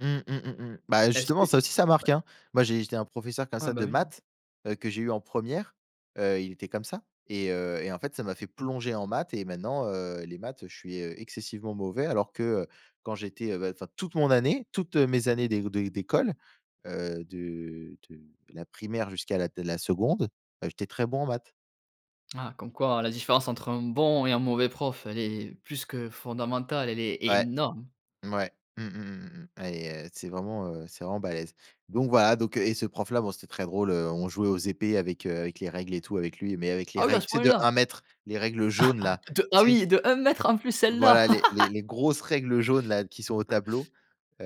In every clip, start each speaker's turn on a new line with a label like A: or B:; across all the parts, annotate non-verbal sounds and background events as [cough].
A: Mmh, mmh, mmh mh. Bah,
B: Est-ce que?
A: justement, ça aussi, ça marque,
B: Ouais.
A: hein. Moi, j'ai été un professeur, comme
B: Ouais
A: ça
B: bah
A: de
B: oui, hein.
A: maths, heu, que j'ai eu en 1re, heu, il était comme ça et heu et en fait, ça m'a fait plonger en maths et maintenant, heu, les maths, heu, je suis, heu, excessivement mauvais, alors que, heu, quand j'étais, heu, bah, enfin, toute mon année toutes mes années dé de d'école, heu, de de la primaire jusqu'à la de la 2nde, bah, j'étais très bon en maths.
B: Ah comme quoi, la différence entre un bon et un mauvais prof, elle est plus que fondamentale, elle est
A: Ouais.
B: énorme.
A: Mouais. Mmh mh, mmh, mmh mh et heu, c'est vraiment, heu, c'est vraiment balèze. Donc voilà, donc, heu et ce prof-là, bon c'était très drôle, heu, on jouait aux épées avec, heu, avec les règles et tout avec lui. Mais avec les
B: Ah oui, à
A: règles,
B: ce
A: tu sais, de
B: point-là?
A: 1 m, les règles jaunes
B: [chuckles]
A: là,
B: De ah
A: tu sais?
B: oui, de 1 m en plus, celles-là?
A: Voilà les les
B: [laughs]
A: les grosses règles jaunes-là qui sont au tableau, heu,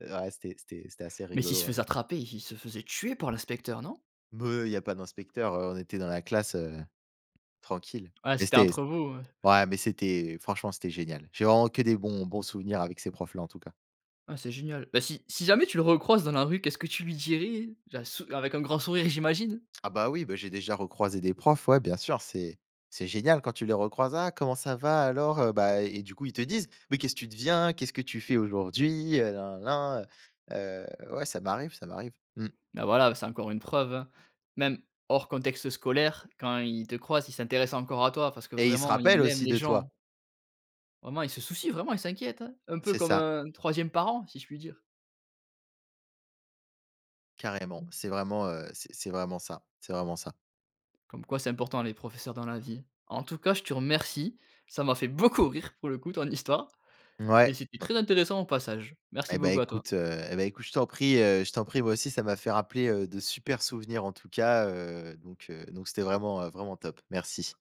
A: ouais c'était c'était c'était assez
B: Mais s'il se
A: rigolo, ouais.
B: faisait attraper, il se faisait tuer par l'inspecteur, non?
A: Meuh, il y a pas d'inspecteur, heu, on était dans la classe, heu, tranquille.
B: Ouais
A: Mais
B: c'était
A: c'était s
B: entre vous, heu
A: ouais, mais c'était franchement, c'était génial. J'ai vraiment que des bons bons souvenirs avec ces profs-là, en tout cas.
B: Ah c'est génial. Bah si si jamais tu le recroises dans la rue, qu'est-ce que tu lui dirais? Ja sou avec un grand sourire, j'imagine.
A: Ah, bah, oui, bah j'ai déjà recroisé des profs, ouais, bien sûr, c'est c'est génial quand tu les recroises. «Ah comment ça va? Alors?» heu bah et du coup, ils te disent: «Mais qu'est-ce tu deviens? Qu'est-ce que tu fais aujourd'hui? Heu, na na na, heu», heu, ouais, ça m'arrive, ça m'arrive. Mmh.
B: Bah, voilà, c'est encore une preuve, hein. Même hors contexte scolaire, quand il te croise, il s'intéresse encore à toi. Parce que,
A: Et il se
B: vraiment,
A: rappelle
B: il aime
A: aussi
B: les
A: de
B: gens.
A: toi.
B: Vraiment, il se soucie, vraiment il s'inquiète, hein. Un peu
A: C'est
B: comme
A: ça.
B: un 3e parent si je puis dire.
A: Carrément, c'est vraiment, heu, c'est c'est vraiment ça. C'est vraiment ça.
B: Comme quoi, c'est important les professeurs dans la vie. En tout cas je te remercie, ça m'a fait beaucoup rire pour le coup ton histoire et
A: Mouais
B: c'était
A: m
B: très intéressant au passage. Merci
A: Et bah,
B: beaucoup à toi.
A: écoute, heu et bah écoute, je t'en prie, heu, je t'en prie. Moi aussi ça m'a fait rappeler, heu, de super souvenirs en tout cas, heu, donc, heu, donc c'était vraiment, heu, vraiment top. Merci.